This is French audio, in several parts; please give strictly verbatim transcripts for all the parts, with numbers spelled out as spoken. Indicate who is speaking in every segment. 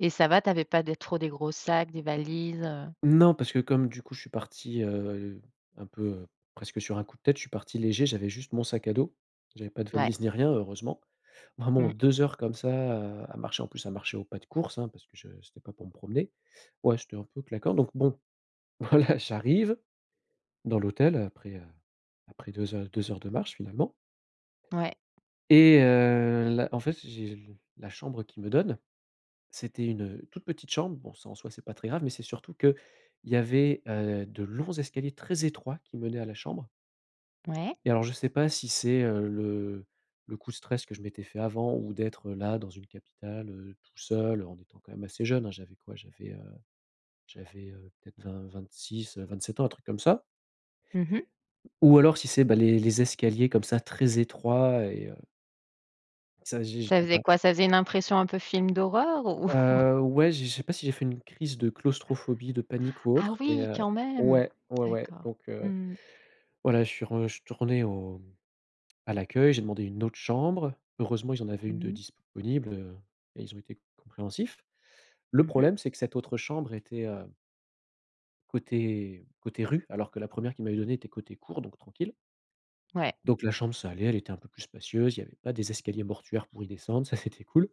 Speaker 1: Et ça va, tu avais pas des trop des gros sacs, des valises, heu?
Speaker 2: Non parce que comme du coup je suis parti, heu, un peu presque sur un coup de tête, je suis parti léger. J'avais juste mon sac à dos, j'avais pas de
Speaker 1: Ouais.
Speaker 2: valise ni rien, heureusement, vraiment
Speaker 1: Mmh.
Speaker 2: deux heures comme ça à à marcher en plus à marcher au pas de course, hein, parce que je c'étais pas pour me promener. Ouais, c'étais un peu claquant. Donc bon, voilà, j'arrive dans l'hôtel après, heu, après deux heures deux heures de marche, finalement
Speaker 1: Ouais.
Speaker 2: et heu, là, en fait, j'ai la chambre qu'il me donne, c'était une, heu, toute petite chambre. Bon, ça en soi, c'est pas très grave, mais c'est surtout qu'il y avait, heu, de longs escaliers très étroits, qui menaient à la chambre
Speaker 1: Ouais.
Speaker 2: et alors, je sais pas si c'est, heu, le le coup de stress que je m'étais fait avant ou d'être, heu, là dans une capitale, heu, tout seul en étant quand même assez jeune, hein. J'avais quoi j'avais, heu j'avais, heu, peut-être vingt-vingt-six-vingt-sept ans, un truc comme ça
Speaker 1: Mmh mh.
Speaker 2: ou alors si c'est bah, les les escaliers comme ça très étroits et heu ça j'ai j'ai
Speaker 1: Ça faisait
Speaker 2: pas
Speaker 1: quoi? Ça faisait une impression un peu film d'horreur, ou?
Speaker 2: Heu, ouais, je je sais pas si j'ai fait une crise de claustrophobie, de panique ou
Speaker 1: Ah
Speaker 2: autre, mais,
Speaker 1: oui
Speaker 2: heu
Speaker 1: quand même.
Speaker 2: ouais, ouais ouais.
Speaker 1: D'accord.
Speaker 2: Donc heu,
Speaker 1: Mmh mh.
Speaker 2: voilà, je suis rejtourné au à l'accueil, j'ai demandé une autre chambre, heureusement, ils en avaient
Speaker 1: Mmh
Speaker 2: une de
Speaker 1: mh.
Speaker 2: disponible, heu et ils ont été compréhensifs. Le
Speaker 1: Mmh mh.
Speaker 2: problème, c'est que cette autre chambre était, heu côté côté rue, alors que la première qu'ils m'avaient donnée était côté cour, donc tranquille.
Speaker 1: Ouais.
Speaker 2: Donc la chambre, ça allait, elle était un peu plus spacieuse, il y avait pas des escaliers mortuaires pour y descendre, ça c'était cool,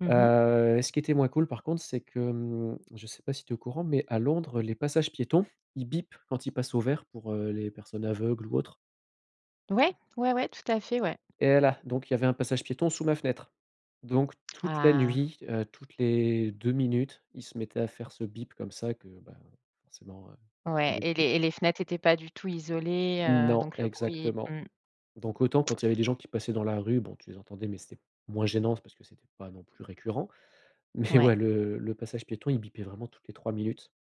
Speaker 1: Mmh mh.
Speaker 2: heu, ce qui était moins cool par contre, c'est que, hem je sais pas si tu es au courant, mais à Londres, les passages piétons, ils bipent quand ils passent au vert pour, heu, les personnes aveugles ou autres.
Speaker 1: Ouais, ouais, ouais, tout à fait, ouais.
Speaker 2: Et voilà, donc il y avait un passage piéton sous ma fenêtre. Donc toute la
Speaker 1: Ah!
Speaker 2: nuit, heu, toutes les deux minutes, il se mettait à faire ce bip comme ça que bah, forcément, heu,
Speaker 1: Ouais
Speaker 2: rendait
Speaker 1: et les
Speaker 2: fous.
Speaker 1: et les fenêtres étaient pas du tout isolées, heu,
Speaker 2: Non,
Speaker 1: donc le bruit
Speaker 2: exactement.
Speaker 1: Mmh.
Speaker 2: Donc autant quand il y avait les gens qui passaient dans la rue, bon tu les entendais, mais c'était moins gênant. C'est parce que c'était pas non plus récurrent mais
Speaker 1: Ouais.
Speaker 2: ouais, le le passage piéton, il bipait vraiment toutes les trois minutes.